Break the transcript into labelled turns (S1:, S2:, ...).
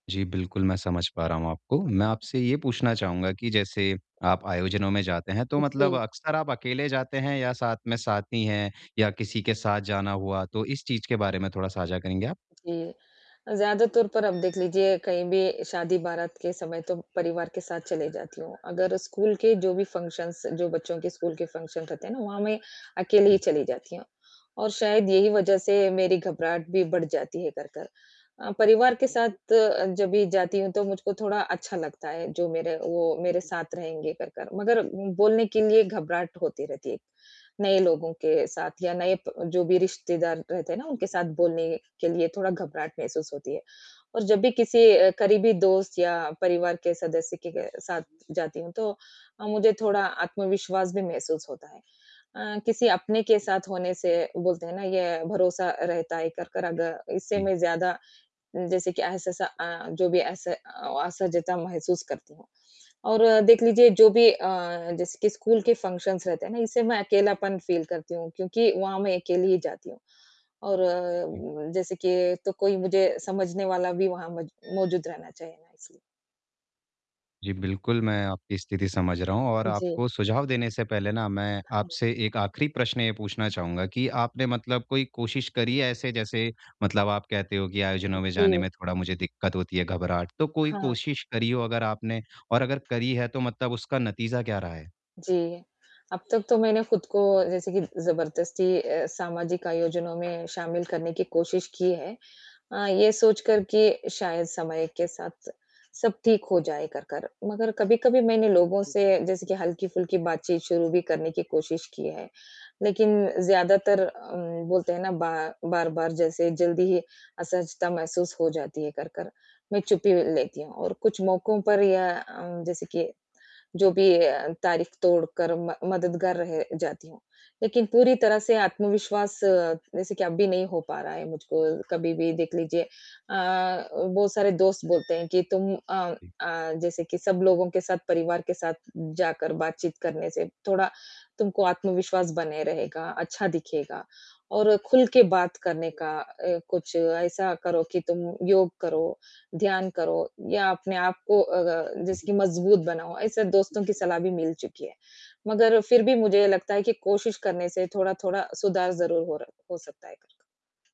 S1: जी, बिल्कुल मैं समझ पा रहा हूँ आपको। मैं आपसे ये पूछना चाहूँगा कि जैसे आप आयोजनों में जाते हैं। तो मतलब
S2: जी।
S1: अक्सर आप अकेले जाते हैं या साथ में साथी है या किसी के साथ जाना हुआ। तो इस चीज़ के बारे में थोड़ा साझा करेंगे आप?
S2: जी, ज़्यादा तौर पर आप देख लीजिए कहीं भी शादी-बारात के समय तो परिवार के साथ चली जाती हूँ। अगर स्कूल के जो भी फंक्शन्स जो बच्चों के स्कूल के फंक्शन्स रहते हैं ना वहाँ मैं अकेली ही
S1: जी।
S2: चली जाती हूँ और शायद यही वजह से मेरी घबराहट भी बढ़ जाती है कर कर। अ, परिवार के साथ अ, जब भी जाती हूँ तो मुझको थोड़ा अच्छा लगता है जो मेरे वो मेरे साथ रहेंगे कर कर मगर बोलने के लिए घबराहट होती रहती है, नए लोगों के साथ या नए जो भी रिश्तेदार रहते हैं ना उनके साथ बोलने के लिए थोड़ा घबराहट महसूस होती है। और जब भी किसी अ, करीबी दोस्त या परिवार के सदस्य के साथ जाती हूँ तो अ, मुझे थोड़ा आत्मविश्वास भी महसूस होता है। अ, किसी अपने के साथ होने से बोलते हैं ना ये भरोसा रहता है कर कर अगर इससे
S1: जी।
S2: मैं ज़्यादा जैसे कि ऐसा-ऐसा जो भी ऐसे अस असहजता महसूस करती हूँ। और देख लीजिए जो भी अ, जैसे कि स्कूल के फंक्शन्स रहते हैं ना इससे मैं अकेलापन फ़ील करती हूँ क्योंकि वहाँ मैं अकेली ही जाती हूँ। और
S1: जी।
S2: जैसे कि तो कोई मुझे समझने वाला भी वहाँ मौ मौजूद रहना चाहिए।
S1: जी, बिल्कुल मैं आपकी स्थिति समझ रहा हूँ और
S2: जी।
S1: आपको सुझाव देने से पहले ना मैं
S2: हाँ।
S1: आपसे एक आखिरी प्रश्न ये पूछना चाहूँगा कि आपने मतलब कोई कोशिश करी है ऐसे? जैसे मतलब आप कहते हो कि आयोजनों में जाने
S2: जी।
S1: में थोड़ा मुझे दिक्कत होती है घबराहट, तो कोई
S2: हाँ।
S1: कोशिश करी हो अगर आपने और अगर करी है तो मतलब उसका नतीज़ा क्या रहा है?
S2: जी, अब तक तो मैंने खुद को जैसे कि ज़बरदस्ती अ, सामाजिक आयोजनों में शामिल करने की कोशिश की है। अ, ये सोच कर कि शायद समय के साथ सब ठीक हो जाए कर कर। मगर कभी-कभी मैंने लोगों से जैसे कि हल्की-फुल्की बातचीत शुरू भी करने की कोशिश की है। लेकिन ज़्यादातर अ, बोलते हैं ना बा बार-बार जैसे जल्दी ही असहजता महसूस हो जाती है कर कर, मैं चुपी ले लेती हूँ और कुछ मौकों पर या अ, जैसे कि जो भी अ, तारीफ तोड़कर मद मददगार रह जाती हूँ। लेकिन पूरी तरह से आत्मविश्वास अ, जैसे कि अभी भी नहीं हो पा रहा है मुझको कभी भी देख लीजिए। अ, बहुत सारे दोस्त बोलते हैं कि तुम अ
S1: जी।
S2: अ, जैसे कि सब लोगों के साथ, परिवार के साथ जाकर बातचीत करने से थोड़ा तुमको आत्मविश्वास बने रहेगा, अच्छा दिखेगा और खुल के बात करने का अ, कुछ ऐसा करो कि तुम योग करो, ध्यान करो या अपने आपको अ,
S1: जी।
S2: जैसे कि मज़बूत बनाओ। ऐसे दोस्तों की सलाह भी मिल चुकी है। मगर फ़िर भी मुझे ये लगता है कि कोशिश करने से थोड़ा-थोड़ा सुधार ज़रूर हो रह सकता है।